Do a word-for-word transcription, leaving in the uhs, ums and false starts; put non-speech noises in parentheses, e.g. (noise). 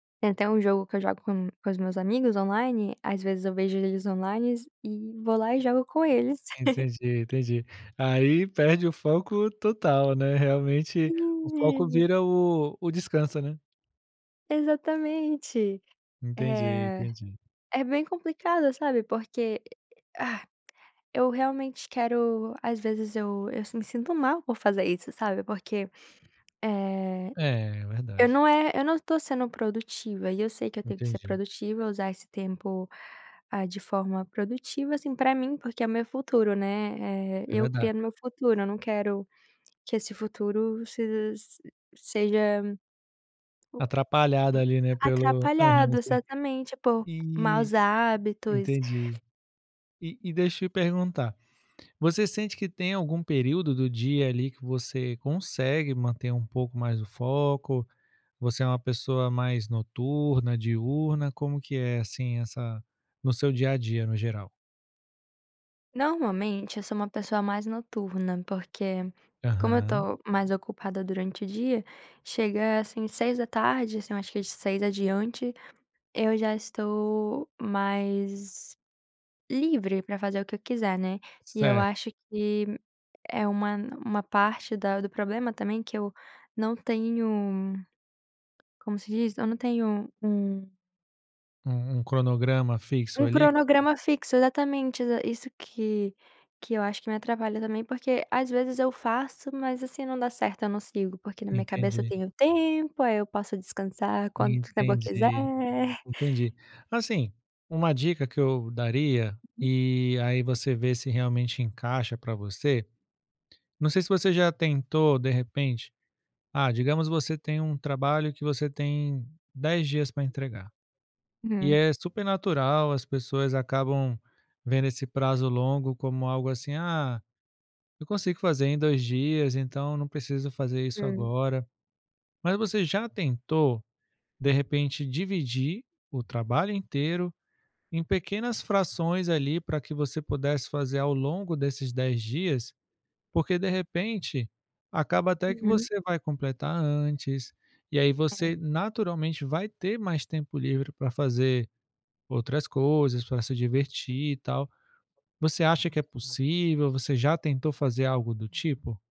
Tem até um jogo que eu jogo com com os meus amigos online, às vezes eu vejo eles onlines, e vou lá e jogo com eles. (laughs) Entendi, entendi. Aí perde o foco total, né, realmente o foco (unintelligible) vira o o descanso, né. Exatamente. Entendi, Eh, entendi. é bem complicado, sabe, porque (gasps) eu realmente quero, às vezes eu eu s me sinto mal por fazer isso, sabe, porque, eh, É, eu verdade. não é eu não tô sendo produtiva, e eu sei que eu tenho que ser Entendi. produtiva, usar esse tempo, ah, de forma produtiva, assim, pra mim, porque é o meu futuro, né, eh, É eu verdade. criando o meu futuro, eu não quero que esse futuro sej s seja, Atrapalhada, u ali, né, pelo aham, atrapalhado, sim. exatamente, por E maus hábitos. entendi. E e deixa eu te perguntar, você sente que tem algum período do dia, ali, que você consegue manter um pouco mais o foco? Você é uma pessoa mais noturna, diurna, como que é, assim, essa no seu dia a dia, no geral? Normalmente, eu sou uma pessoa mais noturna, porque, como eu Aham. tô mais ocupada durante o dia, chega assim, seis da tarde, assim, eu acho que de seis adiante, eu já estou mais livre pra fazer o que eu quiser, né. E eu Certo. acho que é uma n uma parte da do problema também, que eu não tenho como se diz? Eu não tenho um U um cronograma fixo, um ali? cronograma fixo, exatamente, exa isso que que eu acho que me atrapalha também, porque às vezes eu faço, mas assim, não dá certo, eu não sigo, porque na minha cabeça eu Entendi. tenho tempo, aí eu posso descansar quanto tempo eu quiser. Entendi. Entendi. Assim, uma dica que eu daria, e aí você vê se, realmente, encaixa pra você. Não sei se você já tentou, de repente, ah, digamos você tem um trabalho que você tem dez dias pra entregar. (unintelligible) E Hum. é super natural, as pessoas acabam vendo esse prazo longo como algo, assim: "Ah, eu consigo fazer em dois dias, então não preciso fazer isso Hum. agora". Mas você já tentou, de repente, dividir o trabalho inteiro em pequenas frações, ali, pra que você pudesse fazer ao longo desses dez dias? Porque de repente, acaba até que Uhum. você vai completar antes, e aí você, naturalmente, vai ter mais tempo livre pra fazer outras coisas, pra se divertir, e tal. Você acha que é (unintelligible) possível? Você já tentou fazer algo do tipo?